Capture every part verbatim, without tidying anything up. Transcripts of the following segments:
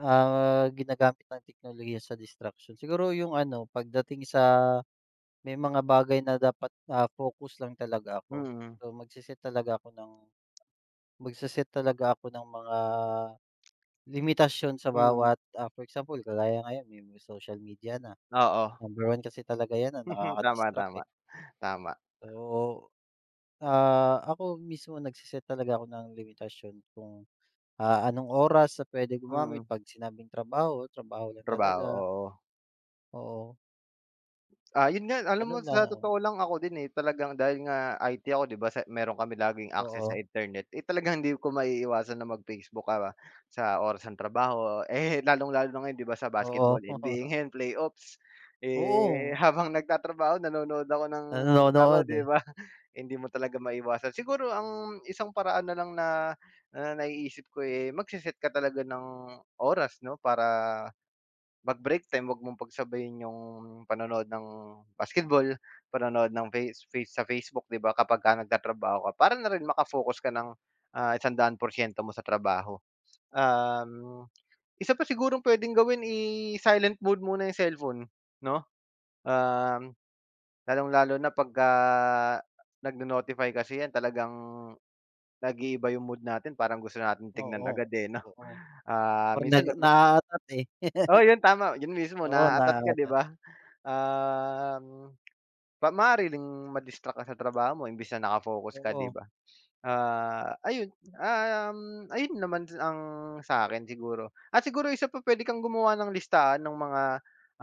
Ah, ginagamit ng teknolohiya sa distraction siguro yung ano pagdating sa. May mga bagay na dapat, ah, focus lang talaga ako. Mm. So magse-set talaga ako ng Magse-set talaga ako ng mga limitasyon sa Mm. bawat, ah, for example kagaya ngayon may social media na. Oo. Number one kasi talaga 'yan na Tama nakaka-distract, eh. tama. Tama. So. Ah, ako mismo nagse-set talaga ako ng limitasyon kung. Ah, anong oras na puwedeng Mm. gumamit pag sinabing trabaho, trabaho lang Trabaho, talaga. oo. Oo. Ah, yun nga alam mo Gano'n sa lang. totoo lang ako din, eh, talagang dahil nga I-T ako 'di ba. Sa meron kami laging access sa Oo. internet, eh, talagang hindi ko maiiwasan na mag-Facebook ka sa oras ng trabaho, eh, lalong-lalo na ngayon 'di ba sa Oo. basketball N-B-A 'yan Playoffs. Eh, Oo. habang nagtatrabaho nanonood ako ng laro Nanonood, 'di eh. ba. hindi mo talaga maiwasan. Siguro ang isang paraan na lang na na naiisip ko, eh, magse-set ka talaga ng oras 'no. Para mag-break time wag mong pagsabayin yung panonood ng basketball, panonood ng face face sa Facebook 'di ba kapag ka na nagtatrabaho ka. Para na rin maka-focus ka ng, ah, isang daan porsiyento mo sa trabaho. Um. Isa pa sigurong puwedeng gawin i-silent mode muna yung cellphone 'no, um. Lalong lalo na pagka nagnonotify kasi 'yan talagang. Nag-iiba yung mood natin parang gusto natin tingnan Oo, agad, eh, 'no, oo. ah, Parang minsan, nag nag ma naaatat, eh. Oo yun tama. Yun mismo. Oo, Naaatat ka 'di naaatat. ba? Um, pa maaring ma-distract ka sa trabaho mo imbis na naka-focus ka 'di Oo. ba? Ah, ayun. Um, ayun naman ang sa'kin siguro. At siguro isa pa puwede kang gumawa ng listahan ng mga,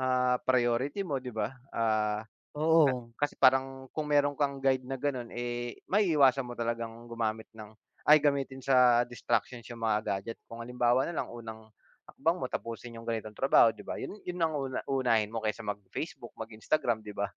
ah, priority mo 'di ba, ah. A Oo. kasi parang kung meron kang guide na gano'n, eh, maiiwasan mo talagang gumamit ng ay gamitin sa distractions yung mga gadget kung halimbawa na lang unang, hakbang mo tapusin yung ganitong trabaho 'di ba yun yun ang una unahin mo kaysa mag-Facebook, mag-Instagram, 'di ba?